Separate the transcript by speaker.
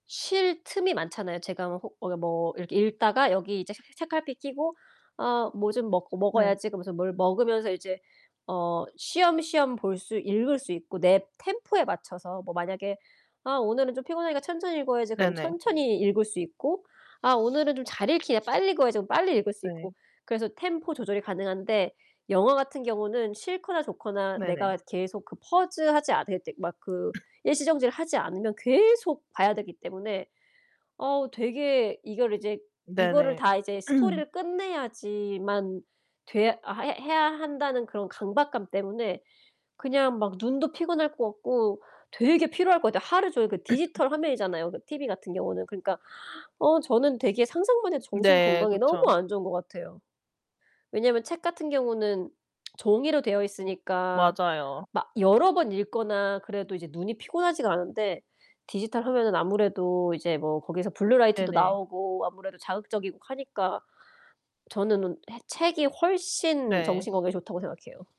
Speaker 1: 쉴 틈이 많잖아요. 제가 뭐 호 어 뭐 이렇게 읽다가 여기 이제 채 책갈피 끼고 '아 뭐 좀 먹고
Speaker 2: 네.
Speaker 1: 먹어야지.' 그러면서 뭘 먹으면서 이제 어 쉬엄쉬엄 볼 수 읽을 수 있고 내 템포에 맞춰서 뭐 만약에 '아 오늘은 좀 피곤하니까 천천히 읽어야지.' 그럼
Speaker 2: 네네.
Speaker 1: 천천히 읽을 수 있고 '아 오늘은 좀 잘 읽히네. 빨리 읽어야지.' 빨리 읽을 수
Speaker 2: 네.
Speaker 1: 있고. 그래서 템포 조절이 가능한데 영화 같은 경우는 싫거나 좋거나
Speaker 2: 네네.
Speaker 1: 내가 계속 그 pause 하지 않을 때 막 그 일시정지를 하지 않으면 계속 봐야 되기 때문에 어 되게 이거를 이제 이거를
Speaker 2: 네네.
Speaker 1: 다 이제 스토리를 끝내야지만 돼야 해 해야 한다는 그런 강박감 때문에 그냥 막 눈도 피곤할 것 같고 되게 피로할 것 같아. 하루 종일 그 디지털 화면이잖아요 그 TV 같은 경우는. 그러니까 어 저는 되게 상상만 해도 정신
Speaker 2: 네
Speaker 1: 건강에 너무
Speaker 2: 그쵸.
Speaker 1: 안 좋은 것 같아요. 왜냐면 책 같은 경우는 종이로 되어 있으니까
Speaker 2: 맞아요.
Speaker 1: 막 여러 번 읽거나 그래도 이제 눈이 피곤하지가 않은데 디지털 화면은 아무래도 이제 뭐 거기서 블루 라이트도
Speaker 2: 네네.
Speaker 1: 나오고 아무래도 자극적이고 하니까 저는 는 해 책이 훨씬
Speaker 2: 네.
Speaker 1: 정신 건강에 좋다고 생각해요.